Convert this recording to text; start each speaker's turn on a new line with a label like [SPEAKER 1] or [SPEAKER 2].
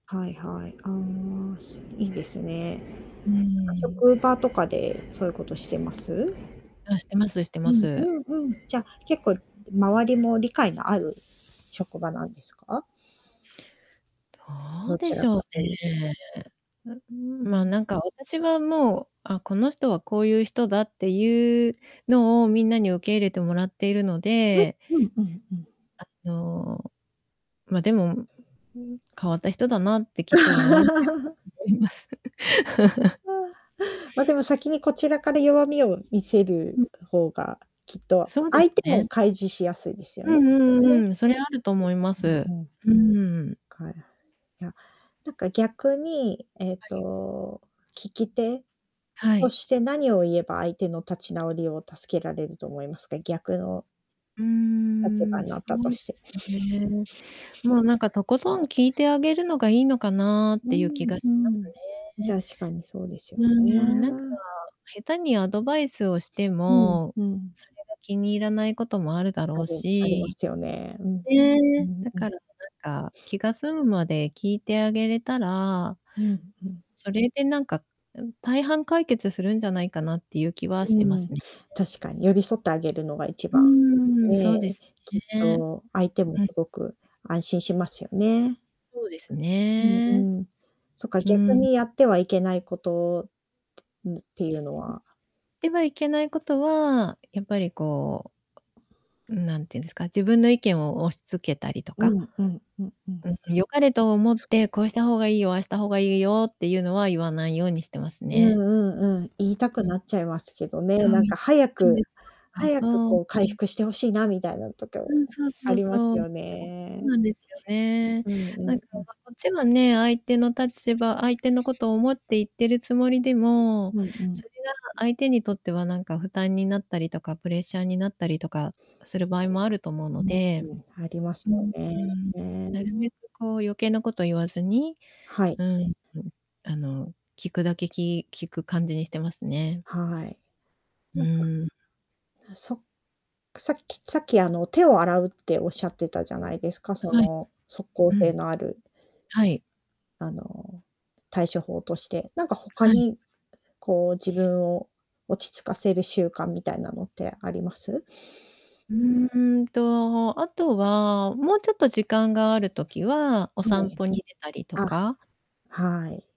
[SPEAKER 1] はいはい。ああ、すいいですね。な
[SPEAKER 2] う
[SPEAKER 1] んか、
[SPEAKER 2] ん。
[SPEAKER 1] 職場とかでそういうことしてます？
[SPEAKER 2] あ、してますして
[SPEAKER 1] う
[SPEAKER 2] ま
[SPEAKER 1] ん
[SPEAKER 2] す。
[SPEAKER 1] うんうん。じゃ、結構周りも理解のある職場なんですか？
[SPEAKER 2] ど
[SPEAKER 1] ど
[SPEAKER 2] うで
[SPEAKER 1] ち
[SPEAKER 2] し
[SPEAKER 1] ら
[SPEAKER 2] ょう
[SPEAKER 1] かというと。
[SPEAKER 2] ね。あ、うん、
[SPEAKER 1] う
[SPEAKER 2] ま、
[SPEAKER 1] ん。
[SPEAKER 2] なんか私はもう「あ、この人はこういう人だ」っていうのを、みんなに受け入れてもらっているので
[SPEAKER 1] うんうんうんうん。
[SPEAKER 2] あの、ま、でも、うん、変わった人だなってきっと思われ 思います。
[SPEAKER 1] ま、で も先にこちらから弱みを見せる
[SPEAKER 2] うん。
[SPEAKER 1] 方が、きっと
[SPEAKER 2] そうで
[SPEAKER 1] 相
[SPEAKER 2] す
[SPEAKER 1] 手も
[SPEAKER 2] ね。
[SPEAKER 1] 開示しやすいですよ
[SPEAKER 2] う
[SPEAKER 1] ね、き
[SPEAKER 2] ん
[SPEAKER 1] っ
[SPEAKER 2] うん
[SPEAKER 1] と
[SPEAKER 2] う
[SPEAKER 1] ね。
[SPEAKER 2] んうん。それはあると思いま
[SPEAKER 1] う
[SPEAKER 2] す。
[SPEAKER 1] んうん。
[SPEAKER 2] うーん。
[SPEAKER 1] かやいや、なんか逆に、えっ
[SPEAKER 2] はい。
[SPEAKER 1] と、聞き手
[SPEAKER 2] は
[SPEAKER 1] と
[SPEAKER 2] い。
[SPEAKER 1] して何を言えば相手の立ち直りを助けられると思いますか、逆の
[SPEAKER 2] うー
[SPEAKER 1] 立場
[SPEAKER 2] ん、
[SPEAKER 1] にな
[SPEAKER 2] そ
[SPEAKER 1] ったと
[SPEAKER 2] うで
[SPEAKER 1] して。
[SPEAKER 2] すね。もうなんか、とことん聞いてあげるのがいいのかなっ
[SPEAKER 1] う
[SPEAKER 2] ていう気
[SPEAKER 1] ん
[SPEAKER 2] が
[SPEAKER 1] う
[SPEAKER 2] します
[SPEAKER 1] ん、
[SPEAKER 2] ね。
[SPEAKER 1] 確かにそうですよ
[SPEAKER 2] うん、なんか、
[SPEAKER 1] ね。
[SPEAKER 2] 下手にアドバイスをして
[SPEAKER 1] うん
[SPEAKER 2] も、
[SPEAKER 1] うん。
[SPEAKER 2] それが気に入らないこともあるだ
[SPEAKER 1] あ
[SPEAKER 2] ろう
[SPEAKER 1] りありま
[SPEAKER 2] し。
[SPEAKER 1] すよね。うん。う
[SPEAKER 2] ね、
[SPEAKER 1] ん
[SPEAKER 2] だ
[SPEAKER 1] うん。
[SPEAKER 2] から、なんか、気が済むまで聞いてあげれたら
[SPEAKER 1] うんうん。
[SPEAKER 2] それでなんか、大半解決するんじゃないかなっていう気はし
[SPEAKER 1] う
[SPEAKER 2] てま
[SPEAKER 1] ん、
[SPEAKER 2] すね。
[SPEAKER 1] 確かに寄り添ってあげるのが一
[SPEAKER 2] う
[SPEAKER 1] 番、
[SPEAKER 2] ーん。そ
[SPEAKER 1] ね、
[SPEAKER 2] うです
[SPEAKER 1] きっ
[SPEAKER 2] ね。
[SPEAKER 1] と相手も
[SPEAKER 2] うん。
[SPEAKER 1] すごく安心しますよね。
[SPEAKER 2] そうです
[SPEAKER 1] うん
[SPEAKER 2] ね。
[SPEAKER 1] うん、そっか、
[SPEAKER 2] う
[SPEAKER 1] 逆
[SPEAKER 2] ん。
[SPEAKER 1] にやってはいけないこと、うん、ていうのは
[SPEAKER 2] てはいけない事は、やっぱりこう、おうん、なんて言うんですか、自分の意見を押し付けたりと
[SPEAKER 1] う
[SPEAKER 2] か。
[SPEAKER 1] んうんうんうん。
[SPEAKER 2] うん。よかれと思って「こうした方がいいよ、ああした方がいいよ」っていうのは言わないようにしてます
[SPEAKER 1] うん
[SPEAKER 2] ね。
[SPEAKER 1] うんうん、言いたく
[SPEAKER 2] うん。
[SPEAKER 1] なっちゃいますけどね、
[SPEAKER 2] そう、
[SPEAKER 1] なん
[SPEAKER 2] 言
[SPEAKER 1] か
[SPEAKER 2] いたくな
[SPEAKER 1] 早
[SPEAKER 2] っちゃうん
[SPEAKER 1] く
[SPEAKER 2] ですよ。お
[SPEAKER 1] 早く
[SPEAKER 2] そう。
[SPEAKER 1] こう回
[SPEAKER 2] うん。
[SPEAKER 1] 復して欲しいなみたいな時
[SPEAKER 2] う
[SPEAKER 1] も、
[SPEAKER 2] ん、そう
[SPEAKER 1] あ
[SPEAKER 2] そう
[SPEAKER 1] りま
[SPEAKER 2] そ
[SPEAKER 1] す
[SPEAKER 2] う。
[SPEAKER 1] よ
[SPEAKER 2] おそう
[SPEAKER 1] ね。
[SPEAKER 2] なんですよね。
[SPEAKER 1] うんうん
[SPEAKER 2] なんか、
[SPEAKER 1] うん。
[SPEAKER 2] ま、こっちはね、相手の立場、相手のことを思って言ってるつもりでも、
[SPEAKER 1] うんう
[SPEAKER 2] そ
[SPEAKER 1] ん。
[SPEAKER 2] れが相手にとってはなんか負担になったりとか、プレッシャーになったりとかする場合もあると思うので。
[SPEAKER 1] うん。あります
[SPEAKER 2] うん
[SPEAKER 1] よね。
[SPEAKER 2] うん。なるべくこう、余計なこと言わずに、
[SPEAKER 1] はい。
[SPEAKER 2] うんうん。あの、聞くだけ、き聞く感じにしてますね。
[SPEAKER 1] はい。
[SPEAKER 2] う
[SPEAKER 1] なんか。
[SPEAKER 2] ん。
[SPEAKER 1] あ、そさっきさっきあの、手を洗うっておっしゃってたじゃないですか、そ
[SPEAKER 2] はい。
[SPEAKER 1] の、即効
[SPEAKER 2] う
[SPEAKER 1] 性
[SPEAKER 2] ん。
[SPEAKER 1] のある。
[SPEAKER 2] はい。
[SPEAKER 1] あの、対処法として、なんか他
[SPEAKER 2] はい。
[SPEAKER 1] に、こう、自分を落ち着かせる習慣みたいなのってあります？
[SPEAKER 2] うーんと、あとは、もうちょっと時間がある時は、お
[SPEAKER 1] は
[SPEAKER 2] 散
[SPEAKER 1] い。
[SPEAKER 2] 歩に出たりと
[SPEAKER 1] あ、
[SPEAKER 2] か？
[SPEAKER 1] はい。